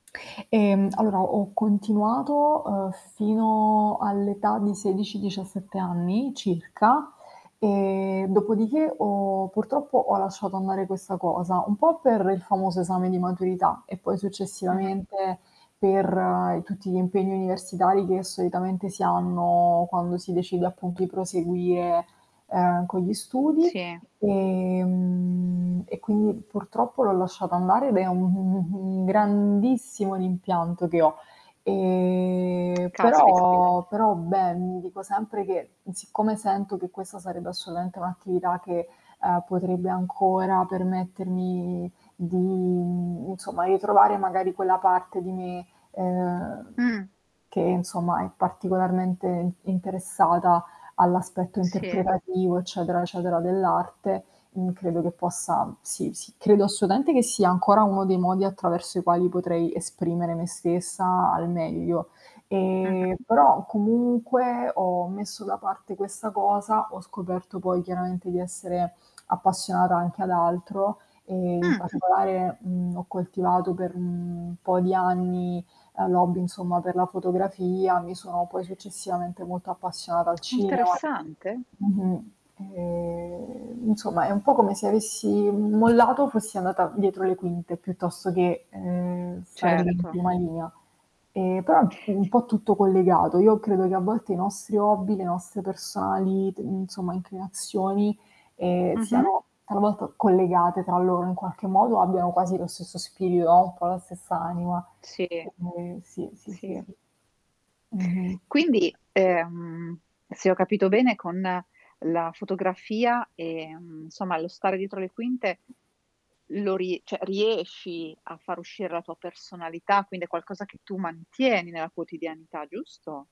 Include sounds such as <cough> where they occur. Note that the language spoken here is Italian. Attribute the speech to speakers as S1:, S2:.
S1: Ehm, allora ho continuato, uhm, fino all'età di 16, 17 anni circa, ehm, dopodiché ho purtroppo ho lasciato andare questa cosa, un po' per il famoso esame di maturità e poi
S2: Mh-mh.
S1: successivamente per tutti gli impegni universitari che solitamente si hanno quando si decide appunto di proseguire, ehm, con gli studi.
S2: Sì.
S1: Ehm. E quindi purtroppo l'ho lasciata andare ed è un un un un grandissimo rimpianto che ho. Ehm.
S2: <tsk> Caspita.
S1: Però però beh, mi dico sempre che, mhmm, siccome sento che questa sarebbe assolutamente un'attività che, uhm, potrebbe ancora permettermi di in insomma, ritrovare magari quella parte di me, ehm,
S2: Mh.
S1: che insomma è particolarmente in interessata all'aspetto
S2: Sì.
S1: interpretativo, eccetera eccetera, dell'arte. Mhmm, credo che possa sì, sì, credo assolutamente che sia ancora uno dei modi attraverso i quali potrei esprimere me stessa al meglio. Ehm,
S2: Mh-mh.
S1: però comunque ho messo da parte questa cosa, ho scoperto poi chiaramente di essere <clicks tongue> appassionata anche ad altro, ehm, in
S2: Mh.
S1: particolare, mhmm, ho coltivato per un po' di anni, ehm, l'hobby, insomma, per la fotografia, mi sono poi successivamente molto appassionata al
S2: <clicks tongue>
S1: cinema
S2: Interessante.
S1: mh-mh. Ehm, insomma, è un po' come se avessi, uhm, mollato o fossi andata dietro le quinte piuttosto che, ehm, stare in
S2: Certo.
S1: prima linea. Ehm, però, mhmm, un po' tutto collegato. Io credo che a volte i nostri hobby, le nostre personali t insomma, inclinazioni, ehm,
S2: Mh-mh.
S1: siano talvolta collegate tra loro in qualche modo o abbiano quasi lo stesso spirito o un po' la stessa anima.
S2: Sì,
S1: Ehm, sì, sì, sì.
S2: sì.
S1: Mh-mh.
S2: Quindi, ehm, se ho capito bene, con la fotografia, ehm, insomma, lo stare dietro le quinte, lo rie cioè riesci a far uscire la tua personalità, quindi è qualcosa che tu mantieni nella quotidianità, giusto?